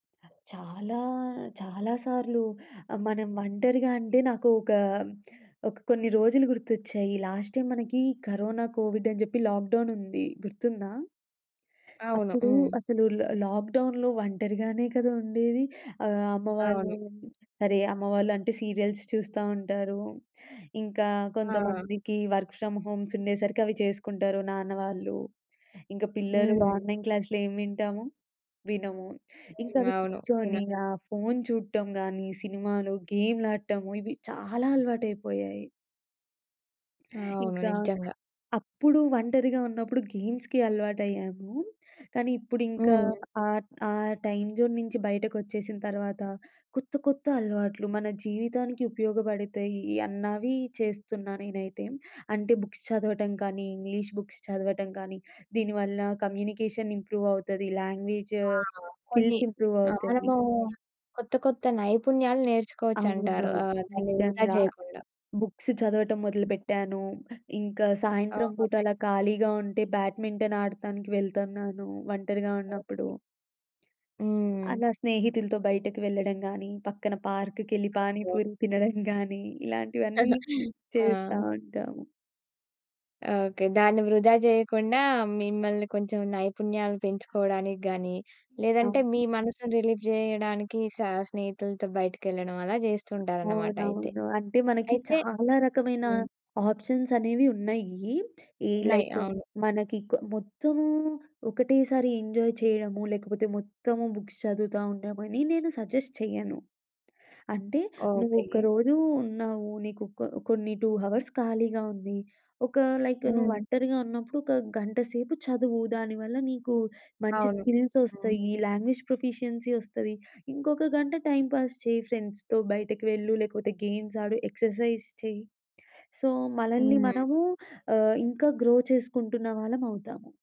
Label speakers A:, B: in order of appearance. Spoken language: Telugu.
A: చాలా చాలా సార్లు మనం ఒంటరిగా అంటే నాకు ఒక, ఒక కొన్ని రోజులు గుర్తొచ్చాయి. లాస్ట్ టైమ్ మనకి కరోనా కోవిడ్ అని చెప్పి లాక్‌డౌన్ ఉంది. గుర్తుందా?
B: అవును.
A: అప్పుడు
B: హ్మ్.
A: అసలు ల లాక్‌డౌన్‌లో ఒంటరిగానే కదా! ఉండేది. ఆహ్, అమ్మవాళ్ళు
B: అవును.
A: సరే అమ్మవాళ్ళు అంటే సీరియల్స్ చూస్తా ఉంటారు. ఇంకా
B: ఆ!
A: కొంతమందికి వర్క్ ఫ్రమ్ హోమ్స్ ఉండేసరికి అవి చేసుకుంటారు నాన్న వాళ్ళు. ఇంక పిల్లలు
B: హ్మ్.
A: ఆన్లైన్ క్లాసులేం వింటాము? వినము. ఇంకా
B: హ్మ్.
A: అవి
B: అవును.
A: కూర్చొని
B: కిన
A: ఆ ఫోన్ చూడటం గాని సినిమాలు, గేమ్‌లాడటము ఇవి చాలా అలవాటైపోయాయి.
B: అవును.
A: ఇంకా
B: నిజంగా.
A: అప్పుడు ఒంటరిగా ఉన్నప్పుడు గేమ్స్‌కి అలవాటయ్యాము. కానీ ఇప్పుడింక
B: హ్మ్.
A: ఆహ్, ట్ ఆ టైమ్ జోన్ నుంచి బయటకొచ్చేసిన తర్వాత కొత్త కొత్త అలవాట్లు మన జీవితానికి ఉపయోగపడతాయి అన్నవి చేస్తున్నా నేనైతే. అంటే బుక్స్ చదవటం కానీ ఇంగ్లీష్ బుక్స్ చదవటం కానీ, దీని వల్ల కమ్యూనికేషన్ ఇంప్రూవ్ అవుతది. లాంగ్వేజ్
B: ఆ! కొన్ని
A: స్కిల్స్ ఇంప్రూవవుతాయి.
B: మనమూ కొత్త కొత్త నైపుణ్యాలు
A: అవును.
B: నేర్చుకోవచ్చంటారు. ఆహ్, దాన్ని వృధా
A: నిజంగా
B: చేయకుండా.
A: బుక్స్ చదవటం మొదలుపెట్టాను. ఇంకా సాయంత్రం
B: ఓహ్!
A: పూట
B: నైస్.
A: అలా ఖాళీగా ఉంటే బ్యాడ్మింటన్ ఆడతానికి వెళ్తన్నాను ఒంటరిగా ఉన్నప్పుడు.
B: ఓకే. హ్మ్.
A: అలా స్నేహితులతో బయటకు వెళ్ళడం గాని పక్కన పార్క్‌కెళ్ళి
B: [unintelligible]
A: పానీపూరి తినడం గాని ఇలాంటివన్నీ
B: ఆ!
A: చేస్తా ఉంటాము.
B: ఓకే. దాన్ని వృధా జేయకుండా మిమ్మల్ని కొంచెం నైపుణ్యాలు పెంచుకోవడానికి గాని,
A: అ!
B: లేదంటే మీ మనసుని రిలీఫ్ జేయడానికి స స్నేహితులతో బయటికెళ్ళడం అలా జేస్తుంటారనమాట అయితే.
A: అవునవును. అంటే మనకి
B: అయితే
A: చాలా రకమైన
B: హ్మ్.
A: ఆప్షన్సనేవి ఉన్నయీ. ఈ
B: ఉన్నాయి.
A: లైక్
B: అవును.
A: మనకి కొ మొత్తమూ ఒకటేసారి ఎంజాయ్ చేయడము, లేకపోతే మొత్తము బుక్స్ చదువుతా ఉండమని నేను సజెస్ట్ చెయ్యను. అంటే
B: ఓకే.
A: నువ్వొకరోజు ఉన్నావు. నీకు ఒక కొన్ని 2 హావర్స్ ఖాళీగా ఉంది. ఒక లైక్
B: హ్మ్.
A: నువ్వొంటరిగా ఉన్నప్పుడు ఒక గంటసేపు చదువు. దానివల్ల నీకు మంచి
B: అవును.
A: స్కిల్స్
B: హ్మ్.
A: వస్తయి. లాంగ్వేజ్ ప్రొఫిషియన్సీ వస్తది. ఇంకొక గంట టైం పాస్ చెయి. ఫ్రెండ్స్‌తో బయటకు వెళ్ళు. లేకపోతే గేమ్స్ ఆడు. ఎక్సర్‌సైజ్ చెయి. సో, మలల్ని
B: హ్మ్.
A: మనము ఆహ్, ఇంకా గ్రో చేసుకుంటున్న వాళ్ళమవుతాము.